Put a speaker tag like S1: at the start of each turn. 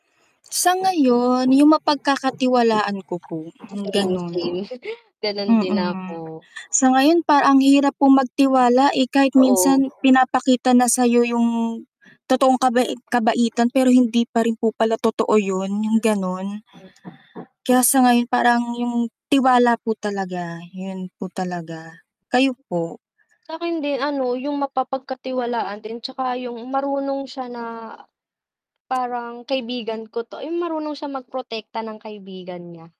S1: Sa ngayon 'yong mapagkakatiwalaan ko po,
S2: A
S1: 'yong
S2: same,
S1: gano'n.
S2: same. Gano'n din ako.
S1: Mm, sa ngayon parang ang hirap po magtiwala, eh, kahit
S2: Oo.
S1: minsan pinapakita na sa'yo 'yong totoong kabai kabaitan, pero hindi pa rin po pala totoo 'yon. 'Yong ganun. Kaya sa ngayon parang 'yong tiwala po talaga, 'yon po talaga. Kayo po?
S2: Sa'kin din ano, 'yong mapapagkatiwalaan din 'tsaka 'yong marunong siya na parang kaibigan ko 'to 'yong marunong siyang magprotekta ng kaibigan niya.